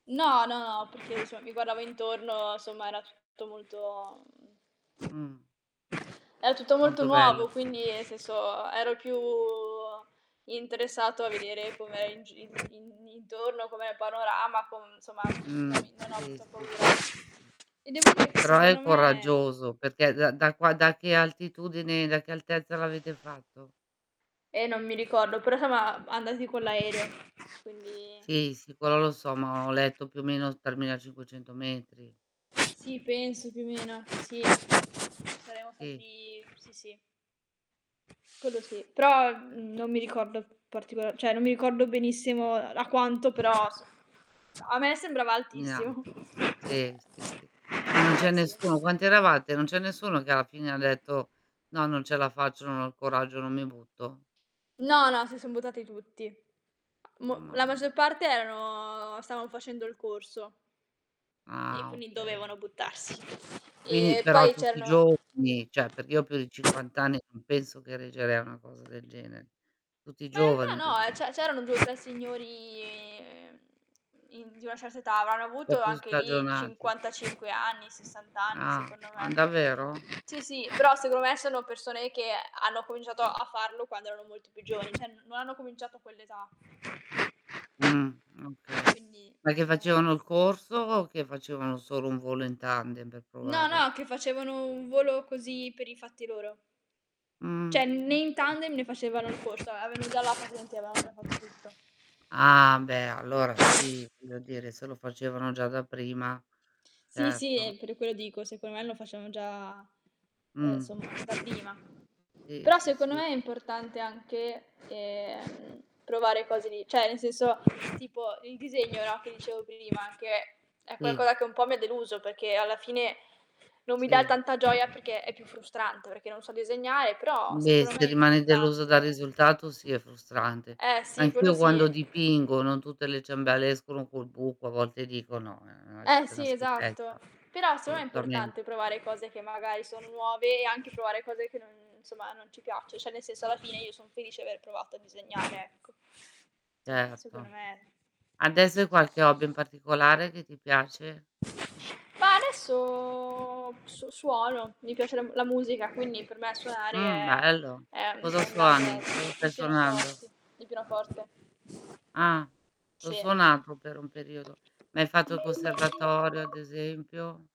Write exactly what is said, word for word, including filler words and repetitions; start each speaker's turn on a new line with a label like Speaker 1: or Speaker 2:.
Speaker 1: No, no, perché cioè mi guardavo intorno, somma, era tutto molto, mhmm
Speaker 2: Mh.
Speaker 1: era tutto molto
Speaker 2: Molto bello.
Speaker 1: nuovo, quindi, nel senso, ero il più interessato a vedere com'era in gi in in intorno, com'è panorama, com somma, no
Speaker 2: Mh.
Speaker 1: avi non ho
Speaker 2: Sì,
Speaker 1: avuto
Speaker 2: sì,
Speaker 1: paura.
Speaker 2: sì, sì, sì.
Speaker 1: Ed è vero che
Speaker 2: Però è
Speaker 1: secondo me
Speaker 2: coraggioso, perché, ehm, da qua da che altitudine da che altezza l'avete fatto?
Speaker 1: Eh, non mi ricordo, però soma andati con l'aereo, quindi
Speaker 2: Sì, sì, quello lo so, ma ho letto più o meno tremilacinquecento metri.
Speaker 1: Sì penso più o meno. Sì. Saremmo
Speaker 2: Sì.
Speaker 1: stati sì, sì. Quello sì. Però,
Speaker 2: Sì.
Speaker 1: mhmm, non mi ricordo particola ceh non mi ricordo benissimo, uhm, da quanto però s a me sembrava
Speaker 2: Mi
Speaker 1: altissimo.
Speaker 2: anto
Speaker 1: Ehm,
Speaker 2: sì, sì,
Speaker 1: però
Speaker 2: sì. Ma non c'è
Speaker 1: sì.
Speaker 2: nessuno quanti eravate? Non c'è nessuno che alla fine ha detto: "No, non ce la faccio. Non ho il coraggio. Non mi butto"?
Speaker 1: No, no, si son buttati tutti. Mo
Speaker 2: Mamma
Speaker 1: la
Speaker 2: mia.
Speaker 1: maggior parte erano stavan facendo il corso. E
Speaker 2: Ah,
Speaker 1: quindi
Speaker 2: okay.
Speaker 1: dovevano buttarsi.
Speaker 2: quini
Speaker 1: E
Speaker 2: però
Speaker 1: poi
Speaker 2: tutti
Speaker 1: c'erano
Speaker 2: giovani? ceh, perché io ho più di cinquant anni e non penso che reggerei a una cosa del genere. Tutti
Speaker 1: Ma in
Speaker 2: giovani,
Speaker 1: realtà no, eh,
Speaker 2: giusto?
Speaker 1: ce c'erano due tre signori, ehm, in di una certa età. Avranno
Speaker 2: Po'
Speaker 1: avuto
Speaker 2: più
Speaker 1: anche lì,
Speaker 2: stagionati.
Speaker 1: cinquantacinque anni, sessant anni,
Speaker 2: Ah.
Speaker 1: secondo me.
Speaker 2: Ah, n davvero?
Speaker 1: Sì, sì, però secondo me ci sono persone che hanno cominciato a farlo quando erano molto più giovani, ceh no hanno cominciato a quell'età.
Speaker 2: Mh, okay.
Speaker 1: Quindi
Speaker 2: Ma che
Speaker 1: seco me.
Speaker 2: facevano il corso o che facevano solo un volo in tandem pe
Speaker 1: No,
Speaker 2: provare?
Speaker 1: no, che facevano un volo così per i fatti loro. ceh
Speaker 2: Mh,
Speaker 1: né in
Speaker 2: okay.
Speaker 1: tandem, né facevano il corso. Avevano già la patente e avevan già fatto tutto.
Speaker 2: Ah, beh, allora sì, voglio dire, se lo facevano già da prima.
Speaker 1: Sì, sì,
Speaker 2: Certo.
Speaker 1: eh, per quello dico, secon me lo facevan già uhm,
Speaker 2: Mh.
Speaker 1: somma, da prima.
Speaker 2: Sì,
Speaker 1: Però
Speaker 2: sì,
Speaker 1: seconno
Speaker 2: sì.
Speaker 1: me è importante anche, ehm, provare cose lì ceh ne senso tipo il disegno, no, che dicevo prima, anche è
Speaker 2: Sì.
Speaker 1: qualcoa che un po' mi ha deluso, peché alla fine non mi dà
Speaker 2: Sì.
Speaker 1: tanta gioia, perché è più frustrante, perché non so disegnare, però
Speaker 2: Beh
Speaker 1: secono me
Speaker 2: se
Speaker 1: è
Speaker 2: rimani deluso dal
Speaker 1: importante.
Speaker 2: risultato, sì è frustrante.
Speaker 1: Eh,
Speaker 2: Ma
Speaker 1: sì, quello
Speaker 2: anch'io
Speaker 1: sì.
Speaker 2: quando dipingo, non tutte le ciambelle escono col buco, a volte dico: "No, ehm, ha
Speaker 1: Eh,
Speaker 2: scito 'na
Speaker 1: sì, esatto.
Speaker 2: schifezza".
Speaker 1: Però seon è importante
Speaker 2: solutamente.
Speaker 1: provare cose che magari sono nuove e anche provare cose che non somma, non ci piaccio ceh ne senso, alla fine io son felice aver provato a disegnare, ecco. ceh,
Speaker 2: Certo.
Speaker 1: seconno me
Speaker 2: adese hai qualche hobby in particolare che ti piace?
Speaker 1: Ma adesso so suono. Mi piace la m la musica, quindi per me suonare
Speaker 2: Mh,
Speaker 1: è,
Speaker 2: bello.
Speaker 1: ehm,
Speaker 2: Cosa
Speaker 1: è un grande
Speaker 2: suoni? Cosa stai
Speaker 1: il
Speaker 2: suonando?
Speaker 1: pienoforti il pinoforte.
Speaker 2: Ah. L'ho
Speaker 1: Sì.
Speaker 2: suonato per un periodo. Ma hai fatto conservatorio ad esempio?